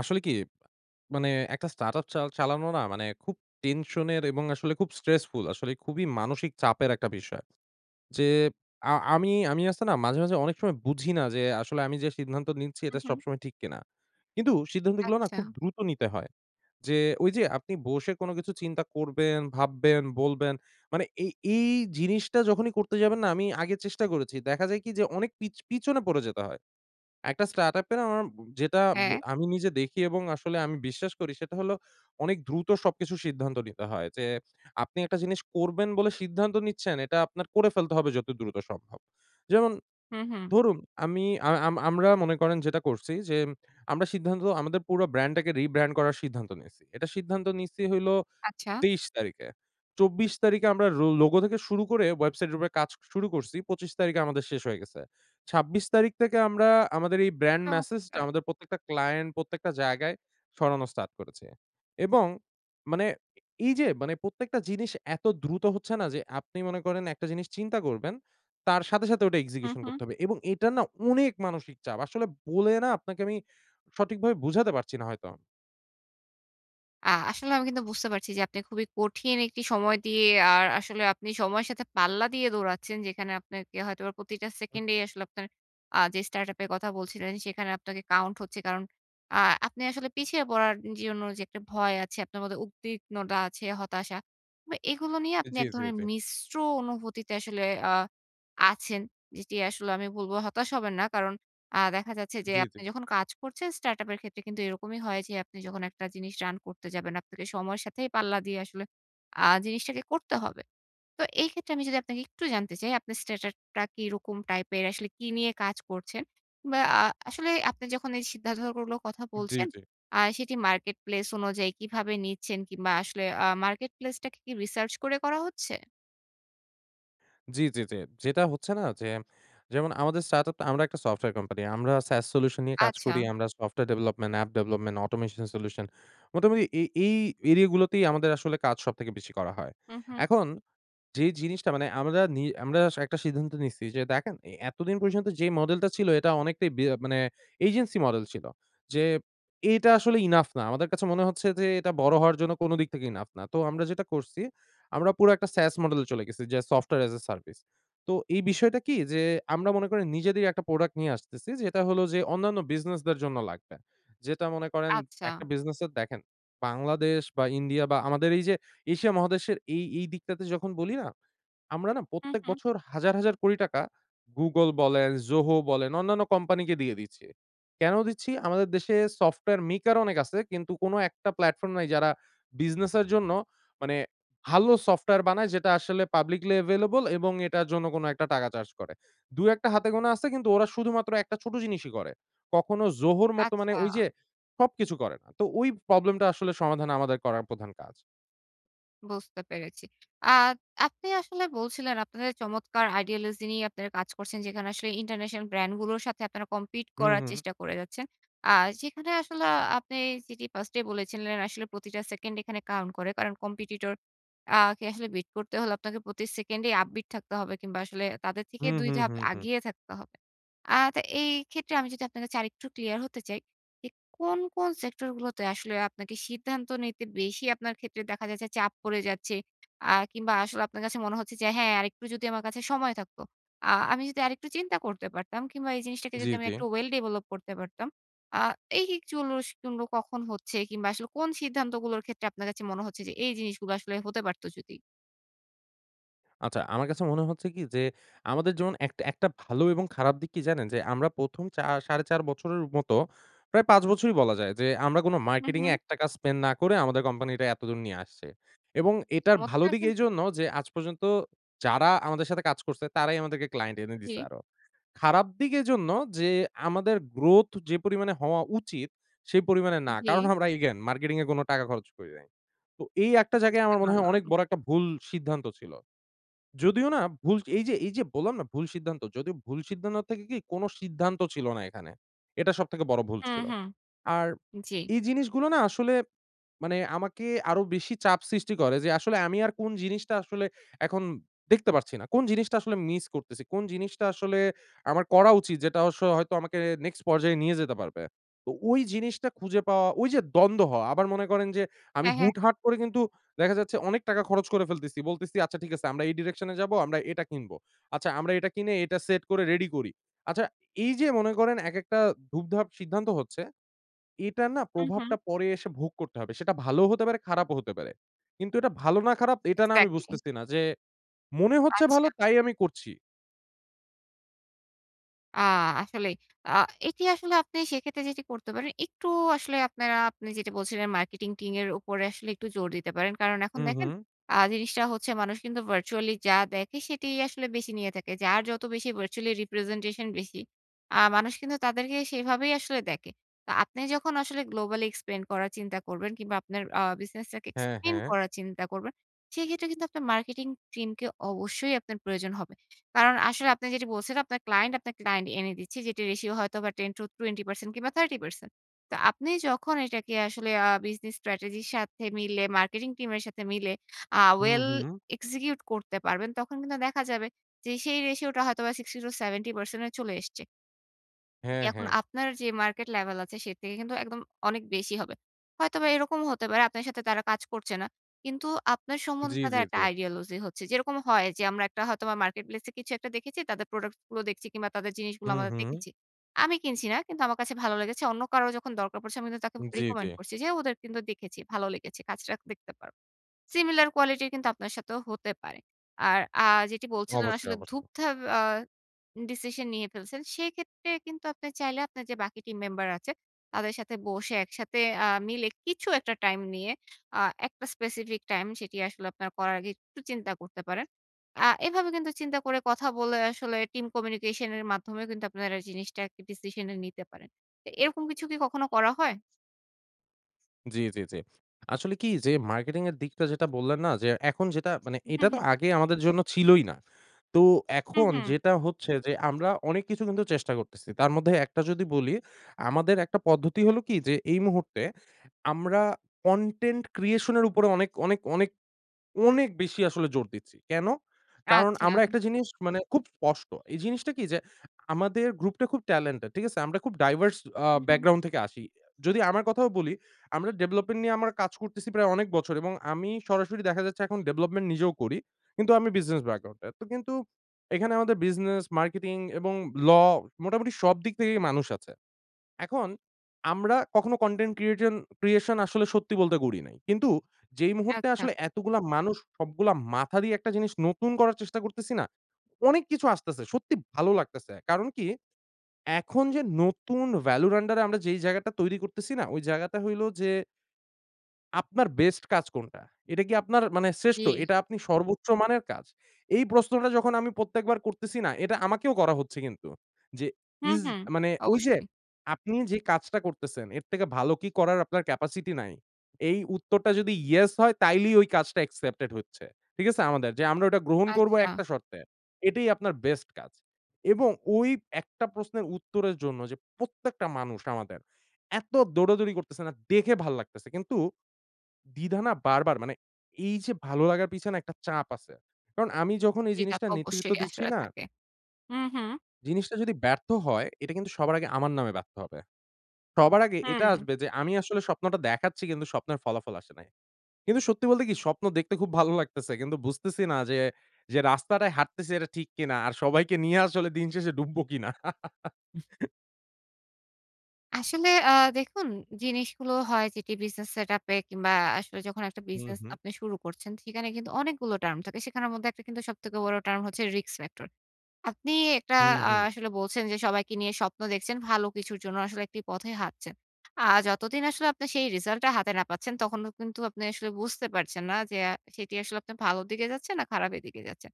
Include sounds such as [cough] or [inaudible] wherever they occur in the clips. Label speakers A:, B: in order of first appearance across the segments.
A: আসলে কি? মানে একটা স্টার্টআপ চাল চালানো না মানে খুব টেনশনের এবং আসলে খুব স্ট্রেসফুল। আসলে খুবই মানসিক চাপের একটা বিষয়। যে আ আমি, আমি আছে না মাঝে, মাঝে অনেক সময় বুঝি না যে আসলে আমি যে সিদ্ধান্ত নিচ্ছি
B: হু,
A: এটা
B: হু।
A: সবসময় ঠিক কিনা। কিন্তু সিদ্ধান্তগুলা না
B: আচ্ছা।
A: খুব দ্রুত নিতে হয়। যে, ওইযে আপনি বসে কোনো কিছু চিন্তা করবেন, ভাববেন, বলবেন। মানে এই এই জিনিসটা যখনই করতে যাবেন না? আমি আগে চেষ্টা করেছি, দেখা যায় কি? যে অনেক পিছ পিছনে পড়ে যেতে হয়। একটা স্টার্টআপ এ অম যেটা
B: হ্যাঁ।
A: আমি নিজে দেখি এবং আসলে আমি বিশ্বাস করি সেটা হলো অনেক দ্রুত সবকিছু সিদ্ধান্ত নিতে হয়। যে আপনি একটা জিনিস করবেন বলে সিদ্ধান্ত নিচ্ছেন, এটা আপনার করে ফেলতে হবে যত দ্রুত সম্ভব। যেমন
B: হুম, হুম।
A: ধরুন, আমি আম আম আমরা মনে করেন যেটা করছি যে, আমরা সিদ্ধান্ত আমাদের পুরো ব্র্যান্ডটাকে রিব্র্যান্ড করার সিদ্ধান্ত নিছি। এটা সিদ্ধান্ত নিছি হইলো
B: আচ্ছা।
A: ২৩ তারিখে। ২৪ তারিখে আমরা রো লোগো থেকে শুরু করে ওয়েবসাইটের উপরে কাজ শুরু করছি। ২৫ তারিখে আমাদের শেষ হয়ে গেছে। ২৬ তারিখ থেকে আমরা আমাদের এই ব্র্যান্ড মেসেজটা
B: চমৎকার!
A: আমাদের প্রত্যেকটা ক্লায়েন্ট, প্রত্যেকটা জায়গায় ছড়ানো স্টার্ট করেছি। এবং মানে এইযে মানে প্রত্যেকটা জিনিস এত দ্রুত হচ্ছে না যে আপনি মনে করেন একটা জিনিস চিন্তা করবেন, তার সাথে, সাথে ওটা
B: হুম,
A: এক্সিকিউশন
B: হুম।
A: করতে হবে। এবং এটা না অনেক মানসিক চাপ। আসলে বলে না আপনাকে আমি সঠিকভাবে বোঝাতে পারছি না হয়তো।
B: আ আসলে আমি কিন্তু বুঝতে পারছি যে আপনি খুবই কঠিন একটি সময় দিয়ে আর আসলে আপনি সময়ের সাথে পাল্লা দিয়ে দৌড়াচ্ছেন। যেখানে আপনাকে হয়তোবা প্রতিটা
A: হুম।
B: সেকেন্ডেই আসলে আপনার আ যে startup এর কথা বলছিলেন সেখানে আপনাকে count হচ্ছে। কারণ, আ আপনি আসলে পিছিয়ে পড়ার জন্য যে একটা ভয় আছে, আপনার মধ্যে উদ্বিগ্নতা আছে, হতাশা। আ এগুলো নিয়ে আপনি
A: জি,
B: এক
A: জি,
B: ধরনের
A: জি।
B: মিশ্র অনুভূতিতে আসলে আ আছেন। যেটি আসলে আমি বলবো হতাশ হবেন না। কারণ, আ দেখা যাচ্ছে যে
A: জি, জি।
B: আপনি যখন কাজ করছেন startup এর ক্ষেত্রে কিন্তু এরকমই হয় যে, আপনি যখন একটা জিনিস run করতে যাবেন আপনাকে সময়ের সাথে পাল্লা দিয়ে আসলে আ জিনিসটাকে করতে হবে। তো এইক্ষেত্রে আমি যদি আপনাকে একটু জানতে চাই আপনার startup টা কিরকম টাইপের আসলে কী নিয়ে কাজ করছেন। আ আসলে আপনি যখন এই সিদ্ধান্তগুলোর কথা
A: জি
B: বলছেন
A: জি।
B: আ সেটি marketplace অনুযায়ী কিভাবে নিচ্ছেন কিংবা, আসলে আ marketplace টাকে কি research করে করা হচ্ছে?
A: জি, জি, জি। যেটা হচ্ছে না যে যেমন আমাদের startup টা আমরা একটা software কোম্পানি আমরা SAS solution নিয়ে কাজ করি।
B: আচ্ছা।
A: আমরা software development, app development, automation development মোটামুটি এ এই এরিয়াগুলোতেই আমাদের আসলে কাজ সবথেকে বেশি করা হয়।
B: হু, হু।
A: এখন যে জিনিসটা মানে আমরা নি আমরা একটা সিদ্ধান্ত নিচ্ছি যে দেখেন, এ এতদিন পর্যন্ত যে মডেলটা ছিল, এটা অনেকটাই বে মানে agency মডেল ছিল। যে এটা আসলে enough না। আমাদের কাছে মনে হচ্ছে যে এটা বড় হওয়ার জন্য কোন দিক থেকে enough না। তো আমরা যেটা করছি, আমরা পুরো একটা SAS মডেলে চলে গেছি। যে software as a service তো এই বিষয়টা কি যে আমরা মনে করেন নিজেদের একটা প্রোডাক্ট নিয়ে আসতেছি। যেটা হলো যে অন্যান্য বিজনেসদের জন্য লাগবে। যেটা মনে করেন একটা
B: আচ্ছা।
A: বিজনেসের দেখেন। বাংলাদেশ বা, ইন্ডিয়া বা, আমাদের এইযে এশিয়া মহাদেশের এই এই দিকটাতে যখন বলি না? আমরা না
B: হু,
A: প্রত্যেক
B: হু।
A: বছর হাজার হাজার কোটি টাকা Google বলেন, ZOHO বলেন, অন্যান্য কোম্পানিকে দিয়ে দিচ্ছি। কেন দিচ্ছি? আমাদের দেশে software maker অনেক আছে। কিন্তু কোন একটা platform নাই যারা বিজনেসের জন্য মানে ভালো software বানায় যেটা আসলে publicly available এবং এটার জন্য কোন ১ টাকা চার্জ করে। ২ ১ হাতে গোনা আছে কিন্তু ওরা শুধুমাত্র একটা ছোট জিনিসই করে। কখনো ZOHO-র মতো মানে
B: আচ্ছা।
A: ওইযে সবকিছু করে না। তো ওই প্রবলেমটা আসলে সমাধান আমাদের করার প্রধান কাজ।
B: বুঝতে পেরেছি। আ আপনি আসলে বলছিলেন আপনাদের চমৎকার ideology নিয়ে আপনারা কাজ করছেন। যেখানে আসলে ইন্টারন্যাশনাল brand গুলোর সাথে আপনারা compete
A: হুম,
B: করার
A: হুম।
B: চেষ্টা করে যাচ্ছেন। আ যেখানে আসলে আ আপনি যেটি first এই বলেছিলেন আসলে প্রতিটা সেকেন্ড এখানে count করে। কারণ, competitor আ কে আসলে beat করতে হলে আপনাকে প্রতি সেকেন্ডে upbeat থাকতে হবে কিংবা, আসলে তাদের থেকে
A: হুম,
B: ২
A: হুম,
B: ধাপ
A: হুম, হুম।
B: এগিয়ে থাকতে হবে। আ তা এইক্ষেত্রে আমি যদি আপনার কাছে আরেকটু ক্লিয়ার হতে চাই, যে কোন, কোন সেক্টরগুলোতে আসলে আপনাকে সিদ্ধান্ত নিতে বেশি আপনার ক্ষেত্রে দেখা যায় যে চাপ পড়ে যাচ্ছে। আ কিংবা, আসলে আপনার কাছে মনে হচ্ছে যে, হ্যাঁ, আরেকটু যদি আমার কাছে সময় থাকত। আ আমি যদি আরেকটু চিন্তা করতে পারতাম কিংবা এই জিনিসটাকে
A: জী,
B: যদি আমি
A: জী।
B: একটু well develop করতে পারতাম। আ এই এই জিনিসগুলো কখন হচ্ছে কিংবা, আসলে কোন সিদ্ধান্তগুলোর ক্ষেত্রে আপনার কাছে মনে হচ্ছে যে এই জিনিসগুলো আসলে হতে পারত যদি?
A: আচ্ছা, আমার কাছে মনে হচ্ছে কি যে, আমাদের যেমন একটা একটা ভালো এবং খারাপ দিক কি জানেন? যে আমরা প্রথম চা ৪.৫ বছরের মতো প্রায় ৫ বছরই বলা যায় যে আমরা কোন
B: হুম,
A: মার্কেটিংয়ে
B: হুম।
A: ১ টাকা spend না করে আমাদের কোম্পানিটা এতদূর নিয়ে আসছি এবং এটার ভালো
B: চমৎকার
A: দিক
B: কিন্তু!
A: এইজন্য যে আজ পর্যন্ত যারা আমাদের সাথে কাজ করছে, তারাই আমাদেরকে ক্লায়েন্ট এনে দিছে
B: জী।
A: আরো। খারাপ দিক এজন্য যে আমাদের growth যে পরিমাণে হওয়া উচিত, সে পরিমাণে না। কারণ
B: জী।
A: আমরা again মার্কেটিংয়ে কোন টাকা খরচ করি নাই। তো এই একটা জায়গায়
B: বুঝতে
A: আমার মনে হয় অনেক
B: পারলাম।
A: বড় একটা ভুল সিদ্ধান্ত ছিল। যদিও না ভুল এইযে এইযে বললাম না ভুল সিদ্ধান্ত। যদি ভুল সিদ্ধান্ত থেকে কি কোন সিদ্ধান্ত ছিল না এখানে। এটা সবথেকে বড় ভুল
B: হুম,
A: ছিল।
B: হুম,
A: আর
B: জী।
A: এই জিনিসগুলো না আসলে মানে আমাকে আরো বেশি চাপ সৃষ্টি করে যে, আসলে আমি আর কোন জিনিসটা আসলে এখন দেখতে পারছি না। কোন জিনিসটা আসলে মিস করতেছি। কোন জিনিসটা আসলে আমার করা উচিত যেটা অবশ্য হয়তো আমাকে next পর্যায়ে নিয়ে যেতে পারবে। তো ওই জিনিসটা খুঁজে পাওয়া, ঐযে দ্বন্দ্ব হওয়া। আবার মনে করেন যে আমি
B: হ্যাঁ, হ্যাঁ।
A: হুটহাট করে কিন্তু দেখা যাচ্ছে অনেক টাকা খরচ করে ফেলতেছি। বলতেছি আচ্ছা ঠিক আছে আমরা এই direction এ যাবো, আমরা এটা কিনবো। আচ্ছা, আমরা এটা কিনে এটা সেট করে রেডি করি। আচ্ছা, এইযে মনে করেন এক একটা ধুপ-ধাপ সিদ্ধান্ত হচ্ছে। এটার না
B: হুম, হুম।
A: প্রভাবটা পরে এসে ভোগ করতে হবে। সেটা ভালোও হতে পারে, খারাপও হতে পারে। কিন্তু এটা ভালো না খারাপ এটা না আমি
B: exactly।
A: বুঝতেছি না। যে মনে হচ্ছে ভালো
B: আচ্ছা।
A: তাই আমি করছি।
B: আ আসলেই। আ এটি আসলে আপনি সেক্ষেত্রে যেটি করতে পারেন, একটু আসলে আপনারা আপনি যেটি বলছিলেন মার্কেটিং টিমের উপরে আসলে একটু জোর দিতে পারেন। কারণ এখন
A: হু, হু।
B: দেখেন আ জিনিসটা হচ্ছে মানুষ কিন্তু virtually যা দেখে সেটিই আসলে বেশি নিয়ে থাকে। যার যত বেশি virtually representation বেশি, আ মানুষ কিন্তু তাদেরকে সেভাবেই আসলে দেখে। তো আপনি যখন আসলে globally expand করার চিন্তা করবেন কিংবা আপনার আ business টাকে
A: হ্যাঁ,
B: expand
A: হ্যাঁ।
B: করার চিন্তা করবেন, সেইক্ষেত্রে কিন্তু আপনার মার্কেটিং টিমকে অবশ্যই আপনার প্রয়োজন হবে। কারণ আসলে আপনি যেটা বলছেন আপনার ক্লায়েন্ট, আপনার ক্লায়েন্ট এনে দিচ্ছে, যেটির ratio হয়তো 10-20% কিংবা 30%। তো আপনি যখন এটাকে আসলে আ business strategy র সাথে মিলে, marketing team এর সাথে মিলে আ
A: হু,
B: well
A: হু।
B: execute করতে পারবেন, তখন কিন্তু দেখা যাবে যে সেই ratio টা হয়তো বা 60-70 এ চলে এসছে। জি
A: হ্যাঁ,
B: এখন
A: হ্যাঁ।
B: আপনার যেই market level আছে সে থেকে কিন্তু একদম অনেক বেশি হবে। হয়তোবা এরকমও হতে পারে আপনার সাথে তারা কাজ করছে না। কিন্তু আপনার সম্বন্ধে
A: জি, জি,
B: তাদের
A: জি।
B: একটা ideology হচ্ছে। যেরকম হয় যে আমরা হয়তোবা Marketplace এ কিছু একটা দেখেছি, তাদের product গুলো দেখছি কিংবা তাদের জিনিসগুলো
A: হুম,
B: আমরা
A: হুম।
B: দেখেছি। আমি কিনছি না, কিন্তু আমার কাছে ভালো লেগেছে, অন্য কারোর যখন দরকার পড়ছে আমি কিন্তু তাকে
A: জি, জি।
B: recommend করছি যে ওদের কিন্তু দেখেছি, ভালো লেগেছে, কাজটা দেখতে পারো। Similar quality র কিন্তু আপনার সাথেও হতে পারে। আর আ যেটি বলছিলেন
A: অবশ্যই,
B: আসলে
A: অবশ্যই।
B: ধুপধাপ অ্যা ডিসিশন নিয়ে ফেলছেন, সেক্ষেত্রে কিন্তু আপনি চাইলে আপনার যে বাকি টিম মেম্বার আছে, তাদের সাথে বসে একসাথে আ মিলে কিছু একটা time নিয়ে, আ একটা specific time সেটি আসলে আপনার করার আগে একটু চিন্তা করতে পারেন। আ এভাবে কিন্তু চিন্তা করে কথা বলে আসলে team communication এর মাধ্যমেও কিন্তু আপনারা জিনিসটা decision এ নিতে পারেন। এরকম কিছু কি কখনো করা হয়?
A: জি, জি, জি। আসলে কি যে মার্কেটিং এর দিকটা যেটা বললেন না? যে এখন যেটা মানে
B: হুম,
A: এটা
B: হ্যাঁ,
A: তো
B: হুম।
A: আগে আমাদের জন্য ছিলই না। তো
B: হ্যাঁ,
A: এখন
B: হ্যাঁ।
A: যেটা হচ্ছে যে আমরা অনেক কিছু চেষ্টা করতেছি। তার মধ্যে একটা যদি বলি। আমাদের একটা পদ্ধতি হলো কি যে এই মুহূর্তে আমরা content creation এর উপরে অনেক, অনেক, অনেক, অনেক বেশি আসলে জোর দিচ্ছি। কেন? কারণ
B: আচ্ছা।
A: আমরা একটা জিনিস মানে খুব স্পষ্ট। এই জিনিসটা কি যে আমাদের গ্রুপ টা খুব talented, ঠিক আছে? আমরা খুব diverse আ
B: হু, হু।
A: ব্যাকগ্রাউন্ড থেকে আসি। যদি আমার কথাও বলি, আমরা ডেভলপমেন্ট নিয়ে আমরা কাজ করতেছি প্রায় অনেক বছর। এবং আমি সরাসরি দেখা যাচ্ছে এখন ডেভলপমেন্ট নিজেও করি। কিন্তু আমি বিজনেস ব্যাকগ্রাউন্ডে। তো কিন্তু এখানে আমাদের বিজনেস, মার্কেটিং এবং law মোটামুটি সব দিক থেকেই মানুষ আছে। এখন আমরা কখনো কনটেন্ট ক্রিয়েটন creation আসলে সত্যি বলতে করি নাই। কিন্তু যেই মুহূর্তে
B: আচ্ছা।
A: আসলে এতগুলা মানুষ সবগুলা মাথা দিয়ে একটা জিনিস নতুন করার চেষ্টা করতেছি না? অনেক কিছু আসতেছে। সত্যি ভালো লাগতেছে। কারণ কি? এখন যে নতুন ভ্যালুর আন্ডারে আমরা যেই জায়গাটা তৈরি করতেছি না? ওই জায়গাটা হইলো যে আপনার বেস্ট কাজ কোনটা? এটা কি আপনার মানে শ্রেষ্ঠ?
B: জি।
A: এটা আপনি সর্বোচ্চ মানের কাজ। এই প্রশ্নটা যখন আমি প্রত্যেকবার করতেছি না এটা আমাকেও করা হচ্ছে কিন্তু। যে
B: হুম,
A: ইজ
B: হুম।
A: মানে ওই যে
B: অবশ্যই।
A: আপনি যে কাজটা করতেছেন, এর থেকে ভালো কি করার আপনার capacity নাই? এই উত্তরটা যদি "ইয়েস" হয় তাইলেই ওই কাজটা accepted হচ্ছে। ঠিক আছে আমাদের। যে আমরা ওটা গ্রহণ করব
B: আচ্ছা।
A: একটা শর্তে। এটাই আপনার বেস্ট কাজ। এবং ওই একটা প্রশ্নের উত্তরের জন্য যে প্রত্যেকটা মানুষ আমাদের এত দৌড়াদৌড়ি করতেছে না? দেখে ভাল লাগতেছে। কিন্তু দ্বিধা না বারবার মানে এই যে ভালো লাগার পিছনে একটা চাপ আছে। কারণ আমি যখন এই জিনিসটা
B: সেটাতো
A: নেতৃত্ব
B: অবশ্যই
A: দিচ্ছি
B: আসলে
A: না?
B: থাকে। হুম, হুম।
A: জিনিসটা যদি ব্যর্থ হয় এটা কিন্তু সবার আগে আমার নামে ব্যর্থ হবে। সবার আগে এটা
B: হুম।
A: আসবে যে আমি আসলে স্বপ্নটা দেখাচ্ছি কিন্তু স্বপ্নের ফলাফল আসে নাই। কিন্তু সত্যি বলতে কি? স্বপ্ন দেখতে খুব ভালো লাগতেছে। কিন্তু বুঝতেছি না যে, যে রাস্তাটায় হাঁটতেছি এটা ঠিক কিনা। আর সবাইকে নিয়ে আসলে দিন শেষে ডুবব কিনা। [laughs]
B: আসলে আ দেখুন জিনিসগুলো হয় যেটি বিজনেস সেটআপে কিংবা আসলে যখন একটা
A: হু,
B: বিজনেস
A: হু।
B: আপনি শুরু করছেন সেখানে কিন্তু অনেকগুলো টার্ম থাকে। সেখানের মধ্যে একটা কিন্তু সবথেকে বড় টার্ম হচ্ছে risk factor. আপনি একটা
A: হু,
B: আ
A: হু।
B: আসলে বলছেন যে সবাইকে নিয়ে স্বপ্ন দেখছেন। ভালো কিছুর জন্য আসলে একটি পথেই হাঁটছেন। আ যতদিন আসলে আপনি সেই রেজাল্ট টা হাতে না পাচ্ছেন, তখনও কিন্তু আপনি আসলে বুঝতে পারছেন না যে অ্যা সেটি আসলে আপনি ভালোর দিকে যাচ্ছে না খারাপের দিকে যাচ্ছে।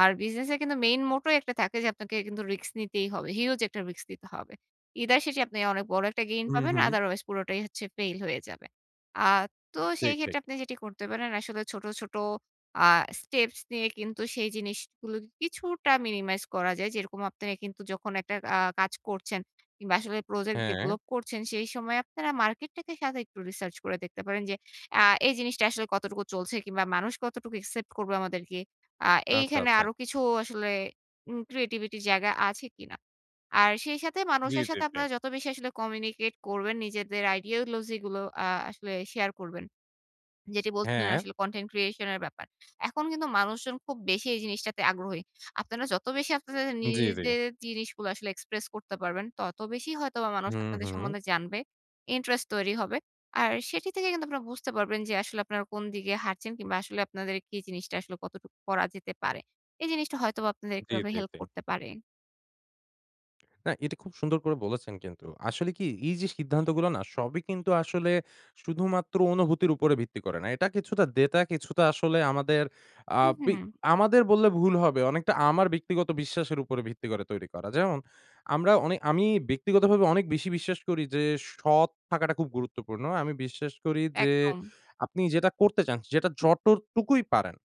B: আর বিজনেস এ কিন্তু মেইন motto একটা থাকে যে আপনাকে কিন্তু রিস্ক নিতেই হবে। হিউজ একটা রিস্ক নিতে হবে। either শেষে আপনি অনেক বড় একটা গেইন
A: হু,
B: পাবেন,
A: হু।
B: otherwise পুরোটাই হচ্ছে ফেল হয়ে যাবে। আ তো সেই
A: ঠিক, ঠিক।
B: ক্ষেত্রে আপনি যেটি করতে পারেন আসলে ছোট, ছোট আ স্টেপস নিয়ে কিন্তু সেই জিনিসগুলো কিছুটা minimize করা যায়। যেরকম আপনারা কিন্তু যখন একটা আ কাজ করছেন। কিংবা আসলে প্রজেক্ট
A: হ্যাঁ।
B: ডেভেলপ করছেন, সেই সময় আপনারা মার্কেটটাকে সাথে একটু রিসার্চ করে দেখতে পারেন। যে আ এই জিনিসটা আসলে কতটুকু চলছে? কিংবা মানুষ কতটুকু একসেপ্ট করবে আমাদেরকে? আ
A: আচ্ছা,
B: এইখানে
A: আচ্ছা।
B: আরো কিছু আসলে উম creativity র জায়গা আছে কিনা? আর সেই সাথে
A: জি,
B: মানুষের
A: জি,
B: সাথে
A: জি।
B: আপনারা যত বেশি আসলে communicate করবেন, নিজেদের ideology গুলো আ আসলে শেয়ার করবেন। যেটি বলছিলেন
A: হ্যাঁ।
B: আসলে content creation এর ব্যাপার। এখন কিন্তু মানুষজন খুব বেশি এই জিনিসটাতে আগ্রহী। আপনারা যত বেশি আপনাদের
A: জি, জি।
B: নিজের জিনিসগুলো আসলে express করতে পারবেন, তত বেশি হয়তোবা মানুষ
A: হু,
B: আপনাদের
A: হু।
B: সম্বন্ধে জানবে, ইন্টারেস্ট তৈরি হবে। আর সেটি থেকে কিন্তু আপনারা বুঝতে পারবেন যে আসলে আপনারা কোন দিকে হাঁটছেন কিংবা আসলে আপনাদের কি জিনিসটা আসলে কতটুকু করা যেতে পারে। এই জিনিসটা হয়তোবা আপনাদের
A: জি,
B: এভাবে
A: জি,
B: হেল্প
A: জি।
B: করতে পারে।
A: না, এটা খুব সুন্দর করে বলেছেন কিন্তু। আসলে কি? এইযে সিদ্ধান্তগুলা না, সবই কিন্তু আসলে শুধুমাত্র অনুভূতির উপরে ভিত্তি করে না। এটা কিছুটা ডেটা কিছুটা আসলে আমাদের আ বিগ
B: উহু।
A: আমাদের বললে ভুল হবে, অনেকটা আমার ব্যক্তিগত বিশ্বাসের উপর ভিত্তি করে তৈরি করা। যেমন, আমরা অনে আমি ব্যক্তিগতভাবে অনেক বেশি বিশ্বাস করি যে, সৎ থাকাটা খুব গুরুত্বপূর্ণ। আমি বিশ্বাস করি যে
B: একদম।
A: আপনি যেটা করতে চান, যেটা যতটুকুই পারেন,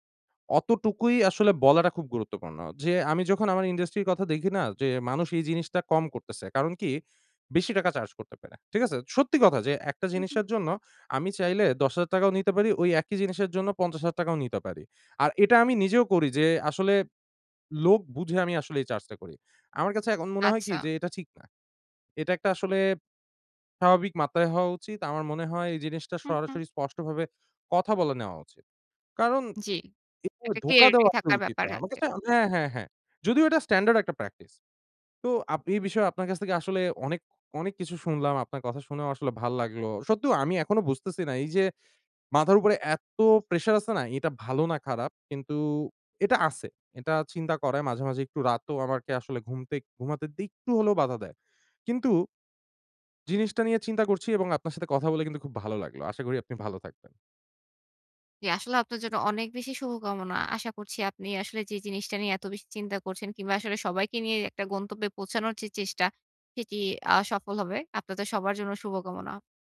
A: অতটুকুই আসলে বলাটা খুব গুরুত্বপূর্ণ। যে আমি যখন আমার industry র কথা দেখি না? যে, মানুষ এই জিনিসটা কম করতেছে, কারণ কি? বেশি টাকা চার্জ করতে পারে, ঠিক আছে? সত্যি কথা যে, একটা
B: হু, হু।
A: জিনিসের জন্য আমি চাইলে ১০,০০০ টাকাও নিতে পারি, ওই একই জিনিসের জন্য ৫০,০০০ টাকাও নিতে পারি, আর এটা আমি নিজেও করি যে, আসলে লোক বুঝে আমি আসলে এই চার্জটা করি। আমার কাছে এখন মনে হয় কি?
B: আচ্ছা।
A: যে এটা ঠিক না। এটা একটা আসলে স্বাভাবিক মাত্রায় হওয়া উচিত। আমার মনে হয় এই জিনিসটা
B: হু, হু।
A: সরাসরি স্পষ্টভাবে কথা বলে নেওয়া উচিত। কারণ,
B: জি,
A: এভাবে
B: একটা
A: ধোঁকা
B: clarity
A: দেওয়া তো
B: থাকার
A: উচিত
B: ব্যাপার
A: না। আমার
B: আছে।
A: কাছে হ্যাঁ, হ্যাঁ, হ্যাঁ। যদিও এটা standard একটা practice. তো আপ এই বিষয়ে আপনার কাছ থেকে আসলে অনেক, অনেক কিছু শুনলাম, আপনার কথা শুনেও আসলে ভাল লাগলো। সত্যি ক আমি এখনো বুঝতেছি না এইযে, মাথার উপরে এত প্রেশার আছে না, এটা ভালো না খারাপ? কিন্তু এটা আছে। এটা চিন্তা করায় মাঝে, মাঝে একটু রাতও আমাকে আসলে ঘুমতে ঘুমাতে দিতে একটু হলেও বাধা দেয়। কিন্তু, জিনিসটা নিয়ে চিন্তা করছি এবং আপনার সাথে কথা বলে কিন্তু খুব ভালো লাগলো। আশা করি আপনি ভালো থাকবেন।
B: জি, আসলেও আপনার জন্য অনেক বেশি শুভকামনা। আশা করছি আপনি আসলে যে জিনিসটা নিয়ে এত বেশি চিন্তা করছেন কিংবা, আসলে সবাইকে নিয়ে একটা গন্তব্যে পৌঁছানোর যে চেষ্টা, সেটি আ সফল হবে। আপনাদের সবার জন্য শুভকামনা।